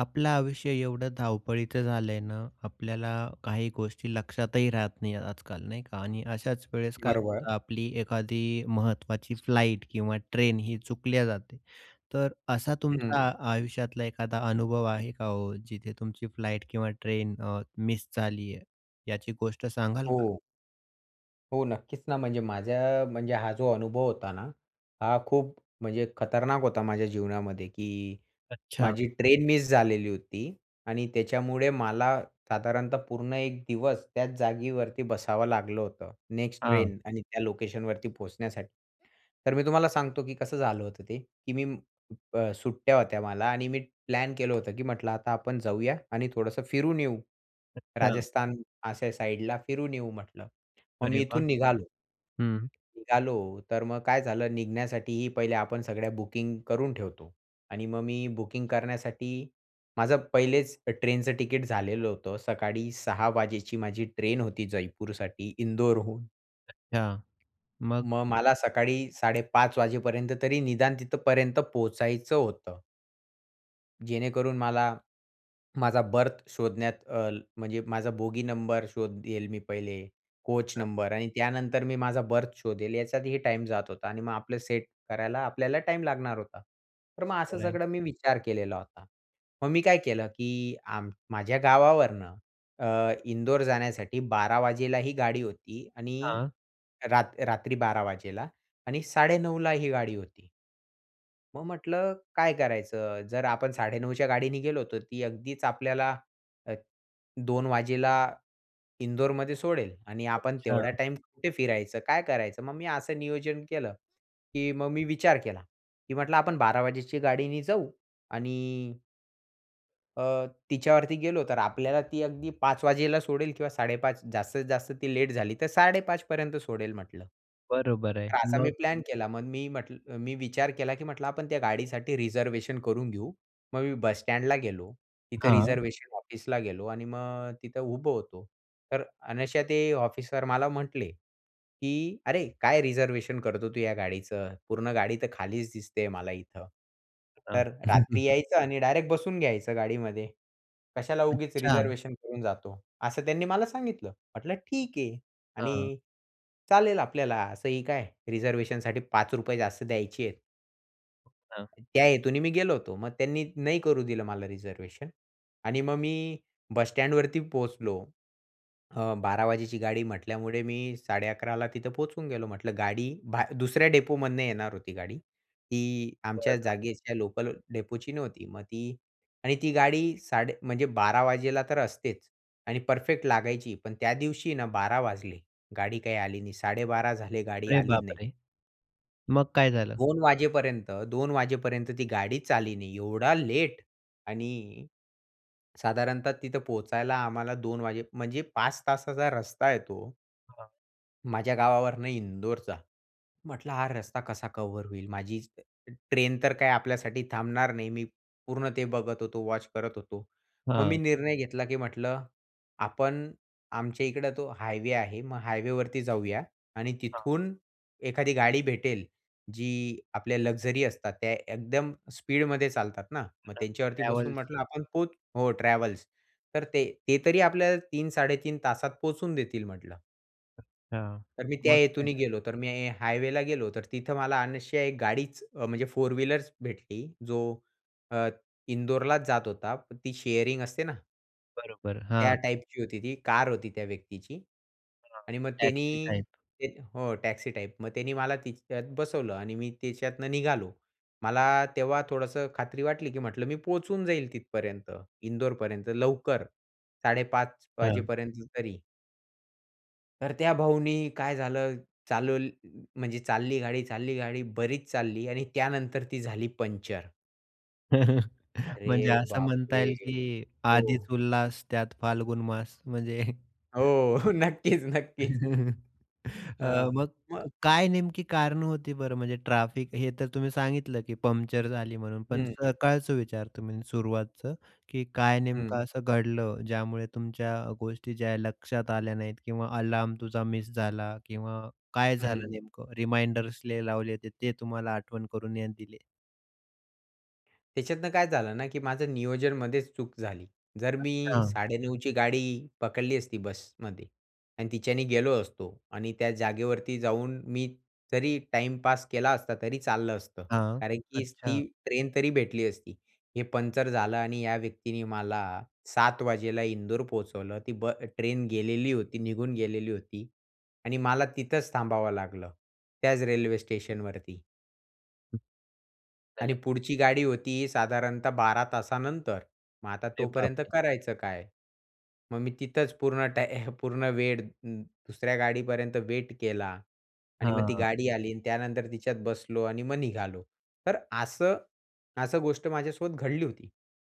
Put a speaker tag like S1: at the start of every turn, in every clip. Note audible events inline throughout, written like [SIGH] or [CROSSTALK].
S1: आपलं आयुष्य एवढं धावपळीचं झालंय ना, आपल्याला काही गोष्टी लक्षातही राहत नाही, आजकाल नाही का आणि अशाच वेळेस काय
S2: बरोबर.
S1: होतं आपली एखादी महत्त्वाची फ्लाइट किंवा ट्रेनही चुकल्या जाते, तर असा
S2: हं.
S1: तुमचा आयुष्यातला एखादा अनुभव आहे का हो, जिथे तुमची फ्लाइट किंवा ट्रेन अ, मिस झाली आहे, याची गोष्ट सांगाल का?
S2: हो. हो, नक्कीच ना. म्हणजे माझ्या म्हणजे हा जो अनुभव होता ना, हा खूप म्हणजे खतरनाक होता माझ्या जीवनामध्ये की
S1: अच्छा.
S2: माझी ट्रेन मिस झालेली होती आणि त्याच्यामुळे मला साधारणतः पूर्ण एक दिवस त्याच जागेवरती बसावं लागलं होतं, नेक्स्ट
S1: हां.
S2: ट्रेन आणि त्या लोकेशनवरती पोहोचण्यासाठी. तर मी तुम्हाला सांगतो की कसं झालं होतं. ते की मी उप सुट्ट्या होत्या मला आणि मी प्लॅन केलं होतं की म्हटलं, "आता आपण जाऊया आणि थोडंसं फिरून येऊ
S1: अच्छा.
S2: राजस्थान अशा साइडला फिरून येऊ," म्हटलं. मग
S1: अरे
S2: मी
S1: वाह!
S2: इथून निघालो.
S1: हं.
S2: निघालो तर मग काय झालं निघण्यासाठीही पहिले आपण सगळ्या बुकिंग करून ठेवतो. आणि मग मी बुकिंग करण्यासाठी माझं पहिलेच अ, ट्रेनचं तिकीट झालेलं होतं. सकाळी 6:00 वाजेची माझी ट्रेन होती जयपूरसाठी इंदोरहून.
S1: अच्छा. मग?
S2: मग मला सकाळी 5:30 वाजेपर्यंत तरी निदान तिथपर्यंत पोहचायचं होतं. जेणेकरून मला माझा बर्थ शोधण्यात अ, म्हणजे माझा बोगी नंबर शोधेल मी पहिले, कोच
S1: [UNINTELLIGIBLE]
S2: नंबर आणि त्यानंतर मी माझा बर्थ शोधेल याच्यातही टाईम जात होता आणि मग आपलं सेट करायला आपल्याला टाईम लागणार होता. तर मग असं
S1: बरं आहे.
S2: सगळं मी विचार केलेला होता. मग मी काय केलं की आम माझ्या गावावरनं अ, इंदोर जाण्यासाठी 12:00 वाजता ही गाडी होती आणि
S1: हां.
S2: रात रात्री 12:00 वाजता आणि 9:30 ला ही गाडी होती. मग म्हटलं, "काय करायचं? जर आपण 9:30 च्या गाडीने गेलो, तर ती अगदीच आपल्याला अ, 2 वाजता इंदोरमध्ये सोडेल आणि आपण तेवढा
S1: अच्छा.
S2: टाईम कुठे फिरायचं? काय करायचं?" मग मी असं नियोजन केलं की मग मी विचार केला, की म्हटलं, "आपण 12:00 वाजेच्या गाडीने जाऊ आणि" "अ, तिच्यावरती गेलो तर आपल्याला ती अगदी 5:00 वाजता सोडेल किंवा 5:30 जास्तीत-जास्त ती लेट झाली तर 5:30 पर्यंत सोडेल." म्हटलं.
S1: बरोबर आहे.
S2: तर असा मी
S1: मग?
S2: प्लॅन केला मग मी म्हटलं, मी विचार केला की म्हटलं, "आपण त्या गाडीसाठी रिझर्वेशन करून घेऊ." मग मी बस स्टँडला गेलो, तिथं
S1: हां.
S2: रिझर्वेशन ऑफिसला गेलो आणि मग अ, तिथं उभं होतो. तर अनायशा ते ऑफिसर मला म्हटले, की "अरे काय रिझर्वेशन करतो तू या गाडीचं, पूर्ण गाडी तर खालीच दिसते मला इथं.
S1: हां.
S2: तर रात्री
S1: [CHUCKLES]
S2: यायचं आणि डायरेक्ट बसून घ्यायचं गाडीमध्ये, कशाला उगीच
S1: अच्छा.
S2: रिझर्व्हेशन करून जातो." असं त्यांनी मला सांगितलं. म्हटलं "ठीक आहे."
S1: हां.
S2: आणि चालेल आपल्याला असंही काय रिझर्व्हेशनसाठी ₹5 जास्त द्यायचे आहेत.
S1: अ, हां.
S2: त्या हेतूने मी गेलो होतो. मग त्यांनी नाही करू दिलं मला रिझर्वेशन. आणि मग मी बस स्टँडवरती पोहचलो. अ, 12:00 वाजेची गाडी म्हटल्यामुळे मी 11:30 ला तिथं पोहोचून गेलो. म्हटलं, गाडी भा दुसऱ्या डेपोमधनं येणार होती गाडी. ती आमच्या
S1: बरं
S2: जागेच्या लोकल डेपोची नव्हती. मग ती आणि ती गाडी साडे म्हणजे 12:00 वाजता तर असतेच आणि परफेक्ट लागायची. पण, त्या दिवशीन 12:00 वाजले, गाडी काही आली नाही, 12:30 झाले गाडी
S1: अरे
S2: आली
S1: बाप
S2: नाही.
S1: रे! मग काय झालं?
S2: 2:00 वाजेपर्यंत 2:00 वाजेपर्यंत ती गाडीच आली नाही एवढा लेट आणि साधारणतः तिथं पोहचायला आम्हाला 2:00 वाजे म्हणजे 5 तासाचा रस्ता आहे तो
S1: हां.
S2: माझ्या गावावरनं इंदोरचा. म्हटलं, "हा रस्ता कसा कव्हर होईल." माझी ट्रेन तर काय आपल्यासाठी थांबणार नाही. मी पूर्ण ते बघत होतो, वॉच करत होतो. मग मी
S1: हां.
S2: निर्णय घेतला की म्हटलं, "आपण आमच्याइकडं तो हायवे आहे, मग हायवेवरती जाऊया." आणि
S1: हां.
S2: तिथून एखादी गाडी भेटेल जी आपल्या लक्झरी असतात, त्या एकदम स्पीडमध्ये चालतात ना. "मग
S1: म्हणा
S2: त्यांच्यावरती बसून",
S1: ट्रॅव्हल्स.
S2: म्हटलं, "आपण पोच" हो, ट्रॅव्हल्स. तर "ते ते तरी आपल्याला 3-3.5 तासात पोहचून देतील," म्हटलं.
S1: हां.
S2: तर मी त्या
S1: मग काय
S2: हेतूने
S1: झालं?
S2: गेलो, तर मी हायवेला गेलो, तर तिथं मला अनायसे एक गाडीच अ, म्हणजे फोर व्हीलरच भेटली, जो अ, इंदोरलाच जात होता. ती शेअरिंग असते ना
S1: बरोबर.
S2: त्या
S1: हां.
S2: टाइपची होती ती. कार होती त्या व्यक्तीची.
S1: हां,
S2: आणि मग
S1: टॅक्सी
S2: त्यांनी
S1: टाइप.
S2: ते हो, टॅक्सी टाइप. मग त्यांनी मला तिच्यात बसवलं आणि मी त्याच्यातनं निघालो. मला तेव्हा थोडंसं खात्री वाटली, की म्हटलं, "मी पोहचून जाईल तिथपर्यंत, इंदोरपर्यंत लवकर 5:30
S1: हां.
S2: वाजेपर्यंत तरी." तर त्या भाऊनी काय झालं चालव म्हणजे चालली गाडी चालली गाडी, बरीच चालली आणि त्यानंतर ती झाली पंक्चर.
S1: [CHUCKLES] म्हणजे
S2: अरे
S1: असं म्हणता
S2: बापरे!
S1: येईल की "आधीच
S2: हो.
S1: उल्हास, त्यात फाल्गुन मास." म्हणजे [CHUCKLES]
S2: हो. नक्कीच, नक्कीच.
S1: [CHUCKLES] अ,
S2: हां.
S1: मग
S2: मग
S1: क काय नेमकी कारणं होती बरं, म्हणजे ट्रॅफिक हे तर तुम्ही सांगितलं की पंक्चर झाली म्हणून. पण
S2: हं.
S1: सकाळचं विचारतो मी सुरुवातचं, की काय
S2: हं.
S1: नेमकं असं घडलं, ज्यामुळे तुमच्या अ, गोष्टी ज्या आहे लक्षात आल्या नाहीत किंवा अलार्म तुझा मिस झाला किंवा काय झालं
S2: हं.
S1: नेमकं रिमाइंडर्स लय लावले होते, ते तुम्हाला आठवण करून [UNINTELLIGIBLE] दिले?
S2: त्याच्यातनं काय झालं ना, की माझं नियोजनमध्येच चूक झाली. जर मी
S1: अच्छा.
S2: 9:30 ची गाडी पकडली असती बसमध्ये आणि तिच्यानी गेलो असतो आणि त्या जागेवरती जाऊन मी जरी टाईमपास केला असता, तरी चाललं असतं.
S1: हां,
S2: कारण की ती
S1: अच्छा.
S2: ट्रेन तरी भेटली असती. हे पंचर झालं आणि या व्यक्तीने मला 7:00 वाजेला इंदोर पोहोचवलं, ती ब ट्रेन गेलेली होती, निघून गेलेली होती आणि मला तिथंच थांबावं लागलं, त्याच रेल्वे स्टेशनवरती. आणि पुढची
S1: [UNINTELLIGIBLE]
S2: गाडी होती साधारणतः 12 तासानंतर. मग आता
S1: अरे
S2: तोपर्यंत
S1: बापरे!
S2: करायचं काय? मग मी तिथंच पूर्ण टाय पूर्ण वेळ दुसऱ्या गाडीपर्यंत वेट केला. आणि मग ती
S1: हां.
S2: गाडी आली. आणि त्यानंतर तिच्यात बसलो आणि मग निघालो. तर असं असं गोष्ट माझ्यासोबत घडली होती.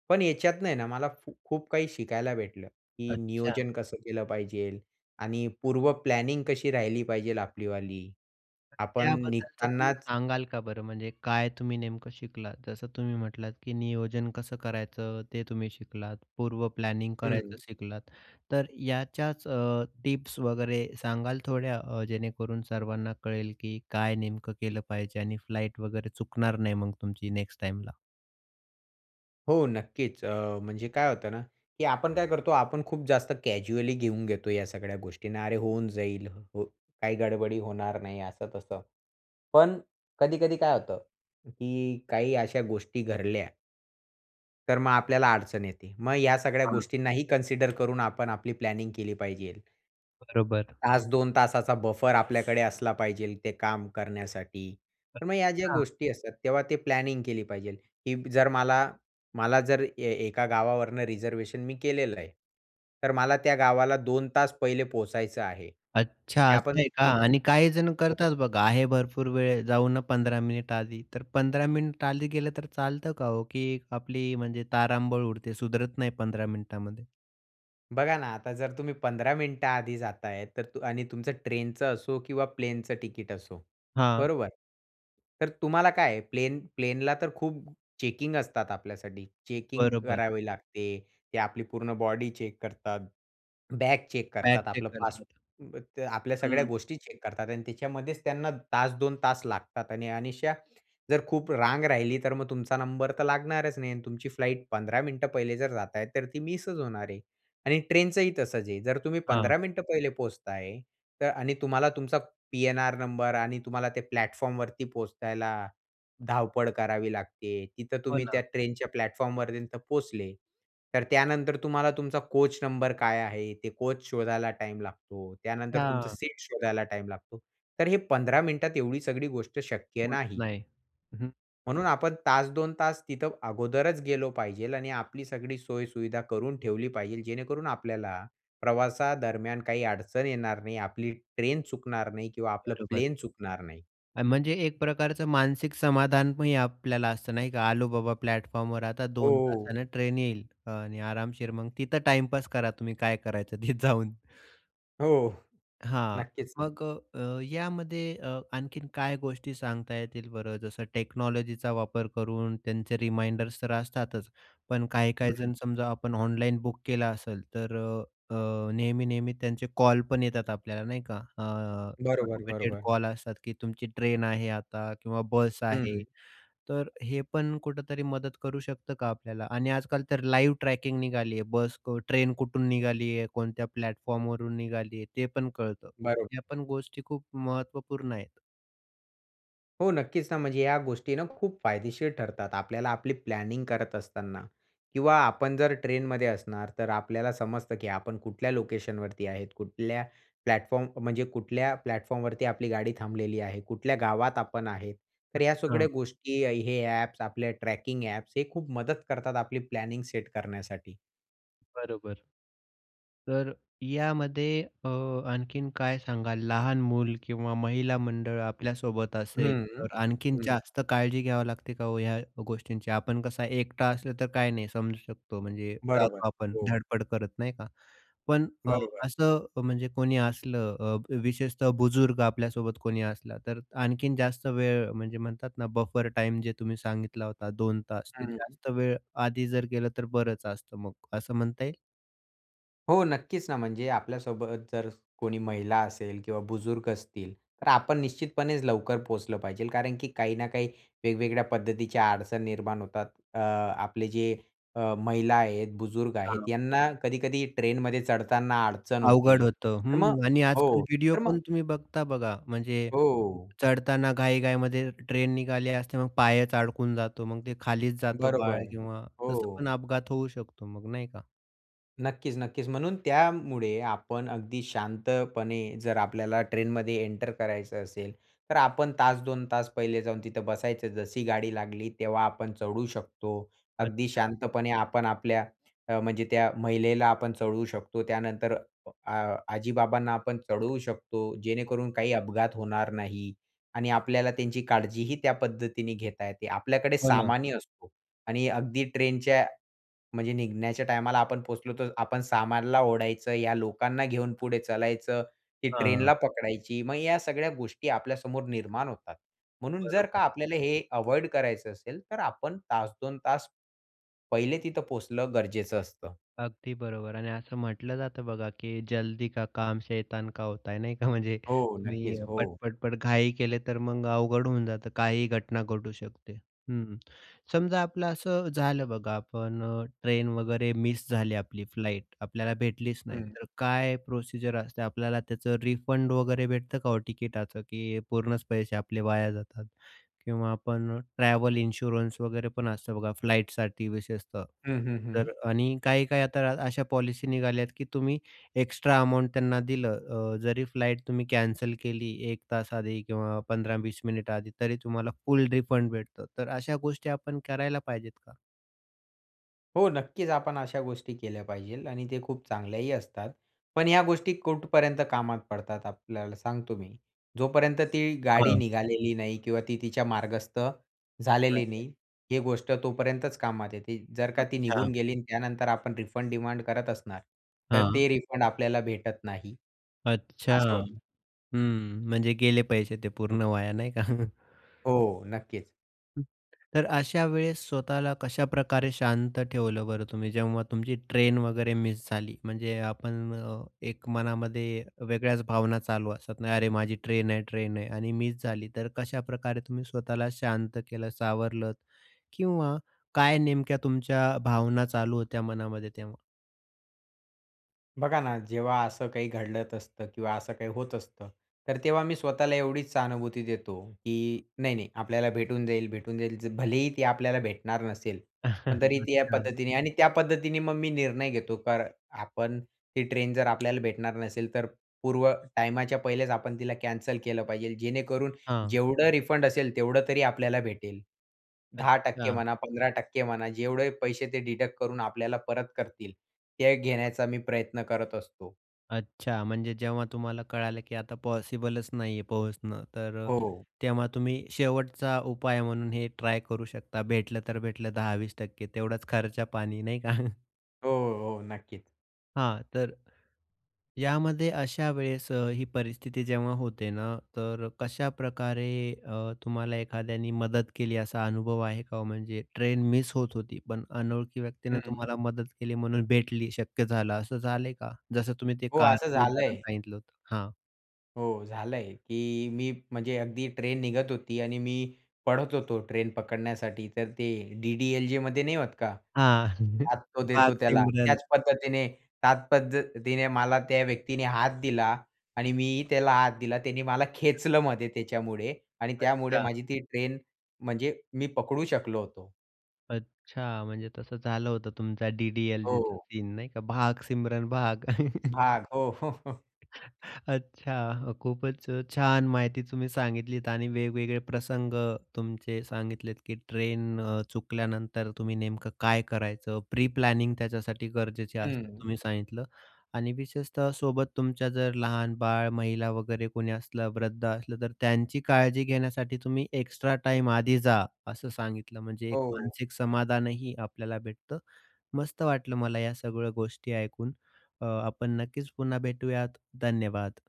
S2: पण याच्यातं आहे ना, मला फू खूप काही शिकायला भेटलं, की
S1: अच्छा.
S2: नियोजन कसं केलं पाहिजे आणि पूर्व प्लॅनिंग कशी राहिली पाहिजे आपलीवाली.
S1: तर
S2: आपण
S1: त्याबद्दलचं तुम्ही
S2: निघतानाच
S1: सांगाल का बरं? म्हणजे काय तुम्ही नेमकं शिकलात? जसं तुम्ही म्हटलात, की नियोजन कसं करायचं ते तुम्ही शिकलात, पूर्व प्लॅनिंग करायचं
S2: हं.
S1: शिकलात. तर याच्याच अ, टिप्स वगैरे सांगाल थोड्या अ, जेणेकरून सर्वांना कळेल, की काय नेमकं केलं पाहिजे आणि फ्लाइट वगैरे चुकणार नाही मग तुमची नेक्स्ट टाईमला?
S2: हो, नक्कीच. अ, म्हणजे काय होतं ना, की आपण काय करतो, आपण खूप जास्त कॅज्युअली घेऊन घेतो या सगळ्या गोष्टींना. अरे, होऊन जाईल. हो काही गडबडी होणार नाही असं-तसं. पण कधी-कधी काय होतं, की काही अशा गोष्टी घडल्या तर मग आपल्याला अडचण येते. मग या सगळ्या
S1: हां.
S2: गोष्टींना ही कन्सिडर करून आपण आपली प्लॅनिंग केली पाहिजे.
S1: बरोबर.
S2: 1-2 तासाचा बफर आपल्याकडे असला पाहिजे, ते काम करण्यासाठी. तर मग ह्या ज्या
S1: अच्छा.
S2: गोष्टी असतात, तेव्हा ते प्लॅनिंग केली पाहिजे, की जर मला मला जर, ए एका गावावरनं रिझर्वेशन मी केलेलं आहे. तर मला त्या गावाला 2 तास पहिले पोहचायचं आहे.
S1: अच्छा
S2: त्या पण
S1: असं आहे का?
S2: ब
S1: आणि
S2: हो.
S1: काही जण करतात बघा, आहे भरपूर वेळ जाऊ ना, 15 मिनिटं आधी. तर 15 मिनिटं आधी गेलं, तर चालतं का हो? की आपली म्हणजे तारांबळ उडते, सुधारत नाही 15 मिनिटामध्ये?
S2: बघा ना, आता जर तुम्ही 15 मिनिटं आधी जाता आहे, तर अ आणि तुमचं ट्रेनचं असो किंवा प्लेनचं तिकीट असो,
S1: हां.
S2: बरोबर. तर तुम्हाला काय आहे, प्लेन प्लेनला तर खूप चेकिंग असतात आपल्यासाठी. चेकिंग
S1: बरोबर.
S2: करावी लागते. ते आपली पूर्ण बॉडी चेक करतात, [SWALLOWS] बॅग चेक
S1: बॅग
S2: करतात.
S1: चेक
S2: आपलं पास
S1: करतात.
S2: अ, ते आपल्या सगळ्या
S1: हं.
S2: गोष्टी चेक करतात. आणि त्याच्यामध्येच त्यांना 1-2 तास लागतात, आणि अनिष्या जर खूप रांग राहिली, तर मग तुमचा नंबर तर लागणारच नाही. आणि तुमची फ्लाइट 15 मिनिटं पहिले जर जात आहे, तर ती मिसच होणार आहे. आणि ट्रेनचंही, तसंच आहे. जर तुम्ही
S1: हां.
S2: 15 मिनिटं पहिले पोहोचता आहे, तर आणि तुम्हाला तुमचा पी-एन-आर नंबर, आणि तुम्हाला ते प्लॅटफॉर्मवरती पोहोचायला धावपळ करावी लागते. तिथं
S1: हो
S2: तुम्ही त्या
S1: ना.
S2: ट्रेनच्या प्लॅटफॉर्म पर्यन्त पोचले, तर त्यानंतर तुम्हाला तुमचा कोच नंबर काय आहे, ते कोच शोधायला टाईम लागतो. त्यानंतर तुमचं
S1: हां.
S2: सीट शोधायला टाईम लागतो. तर हे 15 मिनिटात एवढी सगळी गोष्ट शक्य
S1: होत
S2: नाही.
S1: नाही. अहं.
S2: म्हणून आपण तास, 2 तास तिथं अगोदरच गेलो पाहिजेल आणि आपली सगळी सोय सुविधा करून ठेवली पाहिजेल, जेणेकरून आपल्याला, प्रवासा दरम्यान काही अडचण येणार नाही, आपली ट्रेन चुकणार नाही किंवा आपलं
S1: बरोबर.
S2: प्लेन चुकणार नाही.
S1: अ, म्हणजे एक प्रकारचं मानसिक समाधान पण आपल्याला असतं नाही का, आलो बाबा प्लॅटफॉर्मवर आता
S2: हो,
S1: 2
S2: हो.
S1: तासाने ट्रेन येईल. आणि आरामशीर मग तिथं टाइमपास करा तुम्ही काय करायचं तिथं जाऊन.
S2: हो.
S1: हां,
S2: नक्कीच ना.
S1: मग अ, यामध्ये अ, आणखीन काय गोष्टी सांगता येतील बरं? जसं टेक्नॉलॉजीचा वापर करून त्यांचे रिमाइंडर्स तर असतातच. पण काही-काही
S2: हं.
S1: जण समजा आपण ऑनलाईन बुक केलं असेल, तर अ, अ, नेहमी-नेहमी त्यांचे कॉल पण येतात आपल्याला नाही का, अ,
S2: बरोबर,
S1: ऑटोमेटेड
S2: बरोबर.
S1: कॉल्स असतात, की तुमची ट्रेन आहे आता किंवा बस आहे.
S2: हं.
S1: तर हे पण कुठेतरी मदत करू शकतं का आपल्याला? आणि आजकाल तर लाईव्ह ट्रॅकिंग निघाली आहे बस क ट्रेन कुठून निघाली आहे, कोणत्या प्लॅटफॉर्मवरून निघाली आहे, ते पण कळतं. तर
S2: बरोबर.
S1: या पण गोष्टी खूप महत्त्वपूर्ण आहेत.
S2: हो नक्कीच ना. म्हणजे या गोष्टीना खूप फायदेशीर ठरतात आपल्याला आपली प्लॅनिंग करत असताना. किंवा आपण जर ट्रेनमध्ये असणार, तर आपल्याला समजतं की आपण कुठल्या लोकेशनवरती आहेत कुठल्या, प्लॅटफॉर्म म्हणजे कुठल्या प्लॅटफॉर्मवरती आपली गाडी थांबलेली आहे, कुठल्या गावात आपण आहेत. तर या
S1: अच्छा.
S2: सगळ्या गोष्टी हे अ‍ॅप्स, आपल्या ट्रॅकिंग अ‍ॅप्स, हे खूप मदत करतात आपली प्लॅनिंग सेट करण्यासाठी.
S1: बरोबर. तर यामध्ये अ, आणखीन काय सांगाल, लहान मूल किंवा महिला मंडळ आपल्यासोबत असेल,
S2: हं,
S1: तर आणखीन
S2: हं.
S1: जास्त काळजी घ्यावी लागते का हो ह्या गोष्टींची? आपण कसा एकटा असलं तर काय नाही समजू शकतो, म्हणजे
S2: बरोबर.
S1: जातो आपण
S2: हो.
S1: धडपड करत, नाही का. पण अ,
S2: बरोबर.
S1: असं, म्हणजे कोणी असलं, अ, विशेषतः बुजुर्ग आपल्यासोबत कोणी असलं, तर आणखीन जास्त वेळ, म्हणजे म्हणतात ना, बफर टाईम जे तुम्ही सांगितला होता, 2 तास, ते
S2: हं.
S1: जास्त वेळ आधी जर गेलं, तर बरंच असतं मग, असं म्हणता येईल?
S2: हो, नक्कीच ना. म्हणजे आपल्यासोबत जर कोणी महिला असेल किंवा बुजुर्ग असतील, तर आपण निश्चितपणेच लवकर पोहोचलं पाहिजे, कारण की काही ना काही वेगवेगळ्या पद्धतीच्या अडचण निर्माण होतात. अ आपले जे अ, महिला आहेत, बुजुर्ग आहेत,
S1: हां.
S2: यांना कधी-कधी ट्रेनमध्ये चढताना अडचण
S1: अवघड
S2: होते.
S1: होतं.
S2: तर मग
S1: हं. आणि आजकाल
S2: हो.
S1: व्हिडिओ
S2: तर मग
S1: पण तुम्ही बघता बघा, म्हणजे
S2: हो.
S1: चढताना घाई घाईमध्ये ट्रेन निघाली असते, मग पायच अडकून जातो, मग ते खालीच जातं बाळ
S2: बरोबर.
S1: किंवा तसा पण
S2: हो.
S1: अपघात होऊ शकतो मग, नाही का?
S2: नक्कीच, नक्कीच. म्हणून त्यामुळे आपण अगदी शांतपणे जर आपल्याला ट्रेनमध्ये एंटर करायचं असेल, तर आपण तास 2 तास पहिले जाऊन तिथं बसायचं. जशी गाडी लागली, तेव्हा आपण चढू शकतो अगदी
S1: अच्छा.
S2: शांतपणे. आपण आपल्या अ, म्हणजे त्या महिलेला आपण चढवू शकतो. त्यानंतर आ आजी-बाबांना आपण चढवू शकतो. जेणेकरून काही अपघात होणार नाही आणि आपल्याला त्यांची काळजीही त्या पद्धतीने घेता येते. आपल्याकडे
S1: हो, ना.
S2: सामानही असतो. आणि अगदी ट्रेनच्या म्हणजे निघण्याच्या टायमाला आपण पोहचलो, तर आपण सामानला ओढायचं, या लोकांना घेऊन पुढे चलायचं की
S1: हां.
S2: ट्रेनला पकडायची. मग या सगळ्या गोष्टी आपल्यासमोर निर्माण होतात. म्हणून जर
S1: बरोबर
S2: का
S1: आहे.
S2: आपल्याला हे अव्हॉइड करायचं असेल, तर आपण तास, 2 तास पहिले तिथं पोहोचणं गरजेचं असतं.
S1: अगदी बरोबर. आणि असं म्हटलं जातं बघा, की "जल्दी का काम शैतान का होता है" नाही का. म्हणजे
S2: हो.
S1: तुम्ही
S2: नक्कीच, हो.
S1: पट-पट-पट घाई केले, तर मग अवघड होऊन जातं. काहीही घटना घडू शकते. हं, समजा आपलं असं झालं बघा, आपण अ, ट्रेन वगैरे मिस झाली आपली, फ्लाईट आपल्याला भेटलीच नाही
S2: हं.
S1: तर काय प्रोसिजर असते? आपल्याला त्याचं रिफंड वगैरे भेटतं का हो तिकीटाचं? की पूर्णच पैसे आपले वाया जातात? किंवा आपण ट्रॅव्हल इन्शुरन्स वगैरे पण असतं बघा फ्लाइटसाठी विशेषतः
S2: हं, हं, हं.
S1: तर आणि काही-काही आता अशा पॉलिसी निघाल्यात, की तुम्ही एक्स्ट्रा अमाउंट त्यांना दिलं अ, जरी फ्लाइट तुम्ही कॅन्सल केली 1 तास आधी किंवा 15-20 मिनिटं आधी, तरी तुम्हाला फुल रिफंड भेटतं. तर अशा गोष्टी आपण करायला पाहिजेत का?
S2: हो, नक्कीच. आपण अशा गोष्टी केल्या पाहिजे आणि ते खूप चांगल्याही असतात. पण ह्या गोष्टी कुठपर्यंत कामात पडतात आपल्याला सांगतो मी. जोपर्यंत ती गाडी
S1: हां.
S2: निघालेली नाही किंवा ती तिच्या मार्गस्थ झालेली
S1: नाहीये.
S2: नाही, हे गोष्ट तोपर्यंतच कामात येते. जर का ती
S1: अच्छा.
S2: निघून गेली आणि त्यानंतर आपण रिफंड डिमांड करत असणार, तर
S1: हां.
S2: ते रिफंड आपल्याला भेटत नाही.
S1: अच्छा.
S2: असं होतं.
S1: हं, म्हणजे गेले पैसे ते पूर्ण वाया नाही का?
S2: हो, नक्कीच.
S1: [UNINTELLIGIBLE] तर अशा वेळेस स्वतःला कशाप्रकारे शांत ठेवलं बरं तुम्ही, जेव्हा तुमची ट्रेन वगैरे मिस झाली? म्हणजे आपण अ, एक मनामध्ये वेगळ्याच भावना चालू असतात, "नाही, अरे माझी ट्रेन आहे, ट्रेन आहे." आणि मिस झाली तर कशाप्रकारे तुम्ही स्वतःला शांत केलं, सावरलत? किंवा काय नेमक्या तुमच्या भावना चालू होत्या मनामध्ये तेव्हा?
S2: बघा ना, जेव्हा असं काही घडत असतं किंवा असं काही होत असतं, तर तेव्हा मी स्वतःला एवढीच सहानुभूती देतो, की "नाही, नाही, आपल्याला भेटून जाईल भेटून जाईल." भलेही ती आपल्याला भेटणार नसेल पण तरी
S1: [CHUCKLES]
S2: ती या
S1: अच्छा.
S2: पद्धतीने आणि त्या पद्धतीने मग मी निर्णय घेतो. कार आपण ती ट्रेन जर आपल्याला भेटणार नसेल, तर पूर्व टायमाच्या पहिलेच आपण तिला कॅन्सल केलं पाहिजे. जेणेकरून
S1: हां.
S2: जेवढं रिफंड असेल, तेवढं तरी आपल्याला भेटेल. 10%
S1: अच्छा.
S2: म्हणा, 15% म्हणा, जेवढे पैसे ते डिडक्ट करून आपल्याला परत करतील ते
S1: [UNINTELLIGIBLE]
S2: घेण्याचा मी प्रयत्न करत असतो.
S1: अच्छा म्हणजे जेव्हा तुम्हाला कळालं की आता पॉसिबलच नाहीये पोहोचणं. तर अ,
S2: हो.
S1: तेव्हा तुम्ही शेवटचा उपाय म्हणून हे ट्राय करू शकता भेटलं तर भेटलं, 10-20% तेवढाच खर्चा-पाणी नाही का? [CHUCKLES]
S2: हो, हो, नक्कीच.
S1: हां, तर यामध्ये अशा वेळेस अ, ही परिस्थिती जेव्हा होते ना, तर कशाप्रकारे अ, तुम्हाला एखाद्याने मदत केली असा अनुभव आहे का ओ? म्हणजे ट्रेन मिस होत होती, पण अनोळखी व्यक्तीनं
S2: हं.
S1: तुम्हाला मदत केली, म्हणून भेटली, शक्य झालं असं झालंय का? जसं तुम्ही ते
S2: हो, असं
S1: कारचं उदाहरण
S2: झालंय.
S1: सांगितलं होतं. हां.
S2: हो झालंय की मी म्हणजे अगदी ट्रेन निघत होती. आणि मी पळत होतो ट्रेन पकडण्यासाठी, तर ते डी-डी-एल-जेमध्ये नाही होत का?
S1: हां. [LAUGHS]
S2: हात तो
S1: "भाग
S2: देतो त्याला,
S1: सिमरन."
S2: त्याच पद्धतीने त्याच पद्धतीने मला त्या व्यक्तीने हात दिला. आणि मी त्याला हात दिला. त्याने मला
S1: [UNINTELLIGIBLE]
S2: खेचलं मध्ये त्याच्यामुळे आणि त्यामुळे
S1: अच्छा.
S2: माझी ती ट्रेन म्हणजे मी पकडू शकलो होतो.
S1: अच्छा. म्हणजे तसं झालं होतं तुमचा डी-डी-एल-जेचा
S2: हो.
S1: सीन नाही का? "भाग सिमरन भाग." [CHUCKLES]
S2: "भाग" हो. [CHUCKLES]
S1: अच्छा अ, खूपच अ, छान माहिती तुम्ही सांगितलीत, आणि वेगवेगळे प्रसंग तुमचे सांगितलेत, की ट्रेन अ, चुकल्यानंतर तुम्ही नेमकं काय करायचं. प्री प्लॅनिंग त्याच्यासाठी गरजेचे असते
S2: हं.
S1: तुम्ही सांगितलं. आणि विशेषतः सोबत तुमच्या जर लहान बाळ, महिला वगैरे कोणी असलं, वृद्ध असलं, तर त्यांची काळजी घेण्यासाठी तुम्ही एक्स्ट्रा टाईम आधी जा, असं सांगितलं. म्हणजे एक
S2: हो.
S1: मानसिक समाधानही आपल्याला भेटतं. मस्त वाटलं मला या सगळ्या गोष्टी ऐकून. अ, आपण नक्कीच पुन्हा भेटूयात. धन्यवाद.